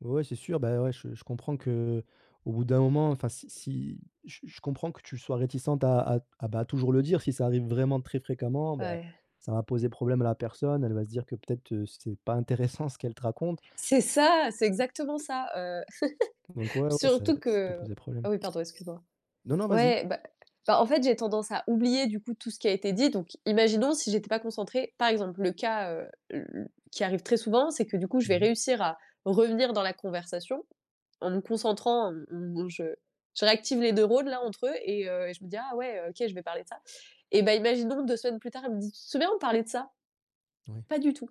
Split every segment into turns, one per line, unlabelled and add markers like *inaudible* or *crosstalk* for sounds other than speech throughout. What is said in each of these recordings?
Ouais c'est sûr, bah, ouais, je je comprends qu'au bout d'un moment, enfin, si si je je comprends que tu sois réticente à à à, bah, toujours le dire. Si ça arrive vraiment très fréquemment, ben,
Ouais.
ça va poser problème à la personne, elle va se dire que peut-être, heu, c'est pas intéressant ce qu'elle te raconte.
C'est ça, c'est exactement ça, heu,
Donc, ouais,
*chuckles*
ouais, ça
surtout
ça peut
que
poser problème.
ah oui, pardon, excuse moi.
Non, non, vas-y.
Ouais, bah bah, en fait, j'ai tendance à oublier, du coup, tout ce qui a été dit, donc imaginons si j'étais pas concentrée, par exemple, le cas, heu, l l qui arrive très souvent, c'est que du coup je vais
Mmh mh.
réussir à revenir dans la conversation en me concentrant, en m m je je réactive les neurones, là, entre eux et heu et je me dis: «Ah ouais, OK, je vais parler de ça» et bah, imaginons 2 semaines plus tard, il me dit: «Tu te souviens on parlait de ça?».
Oui.
Pas du tout,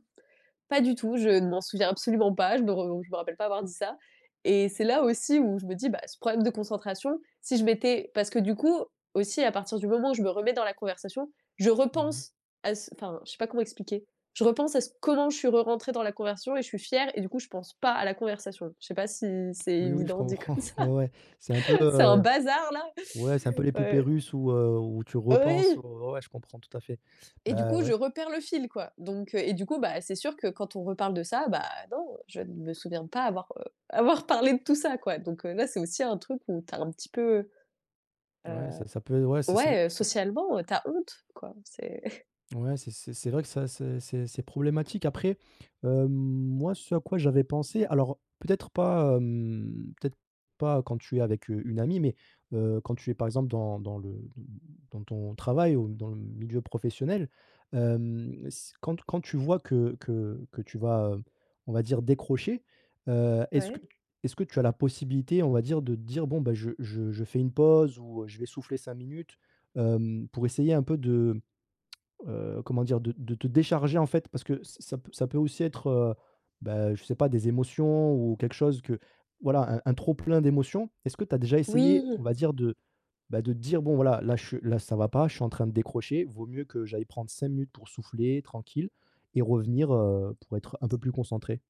pas du tout. Je ne m'en souviens absolument pas, je me re je me rappelle pas avoir dit ça et c'est là aussi où je me dis: «Bah, ce problème de concentration, si je m'étais» parce que du coup, aussi, à partir du moment où je me remets dans la conversation, je
Mmh mh.
repense à ce enfin je sais pas comment expliquer. Je repense à c comment je suis re rentrée dans la conversion et je suis fière et du coup je pense pas à la conversation. Je sais pas si c'est
Oui, oui, je
évident dit
comprends,
comme ça?
*chuckles* ouais, ouais. C'est un peu,
*chuckles* C'est un
heu,
bazar-là,
ouais, c'est un peu les poupées
ouais.
russes où heu, où tu repenses au
Oui!
ouais, ouais, je comprends tout à fait.
Et du
Bah,
coup, je
ouais.
reperds le fil, quoi. Donc heu et du coup, bah, c'est sûr que quand on reparle de ça, bah, non, je ne me souviens pas avoir, heu, avoir parlé de tout ça, quoi. Donc, heu, là, c'est aussi un truc où tu as un petit peu, heu,
Ouais c'est
heu,
ça peut ouais, c'est c'est vrai
ouais, heu,
ça p
socialement, heu, tu as honte, quoi, c'est *chuckles*
ouais, c'est c'est c'est vrai que ça c'est c'est c'est problématique. Après, hem, moi, ce à quoi j'avais pensé, alors peut-être pas, hem, peut-être pas quand tu es avec, heu, une amie, mais, heu, quand tu es, par exemple, dans dans le de dans ton travail ou dans le milieu professionnel, hem, s quand quand tu vois que que que tu vas, heu, on va dire, décrocher, heu, est-ce que
Ouais.
tu est-ce que tu as la possibilité, on va dire, de dire: «Bon, bah, je je je fais une pause ou, heu, je vais souffler 5 minutes»? Hem, pour essayer un peu de, heu, comment dire? De de te décharger, en fait, parce que ça ça p ça peut aussi être, heu, bah, je sais pas, des émotions ou quelque chose que, voilà, un un trop plein d'émotions. Est-ce que tu as déjà essayé,
Oui.
on va dire, de, bah, de dire: «Bon voilà là, je suis là, ça va pas, je suis en train de décrocher, vaut mieux que j'aille prendre 5 minutes pour souffler tranquille et revenir, heu, pour être un peu plus concentrée»?